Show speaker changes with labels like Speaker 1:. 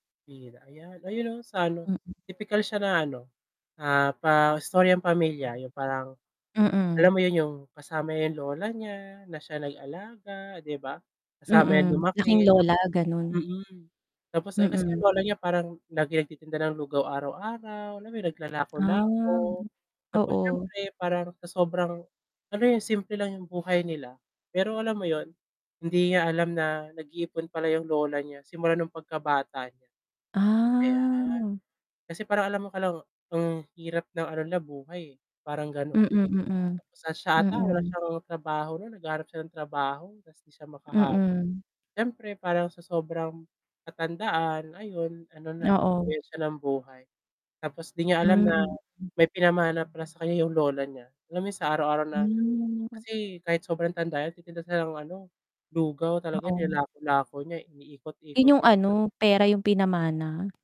Speaker 1: [unintelligible] ,ayan. Ayun 'no, sa ano,
Speaker 2: Mm.
Speaker 1: tipikal siya na ano, ah, pa istoryang pamilya. Yung parang
Speaker 2: Mm.
Speaker 1: alam mo yun, yung kasama yung lola niya, na siya nag-alaga 'di ba. Kasama niya
Speaker 2: Mm,
Speaker 1: lumaki
Speaker 2: laking
Speaker 1: tap
Speaker 2: lola ganun.
Speaker 1: mm, tapos, eh, kasi
Speaker 2: Mm.
Speaker 1: ang lola niya parang laging nagtitinda ng lugaw araw-araw. Alam mo yun, naglalako-lako
Speaker 2: Ah,
Speaker 1: tapos
Speaker 2: oo.
Speaker 1: siyempre parang sa sobrang, ano yun simple lang yung buhay nila pero alam mo yun, hindi niya alam na nag-iipon pala yung lola niya simula nung pagkabata niya. Ayan,
Speaker 2: Ah.
Speaker 1: kasi parang alam mo ka lang ang hirap ng ano nila, buhay, eh, parang gano’n.
Speaker 2: Mm, mm.
Speaker 1: Tapos siya ata wala
Speaker 2: Mm.
Speaker 1: siyang trabaho, naghahanap siya ng trabaho tapos hindi siya makahanap.
Speaker 2: Mm.
Speaker 1: Siyempre parang sa sobrang katandaan ayon, ano na,
Speaker 2: Oo.
Speaker 1: nabawian siya ng buhay. Tapos 'di niya alam na
Speaker 2: Hmm, mm.
Speaker 1: may pinamana pala sa kaniya yung lola niya. Alam mo yung sa araw-araw na
Speaker 2: Hmm.
Speaker 1: kasi kahit sobrang tanda niya nagtitinda siya ng ano, lugaw talaga
Speaker 2: Oo.
Speaker 1: nilalako-lako niya, iniikot-ikot
Speaker 2: Yun yung
Speaker 1: niya.
Speaker 2: ano, pera yung pinamana?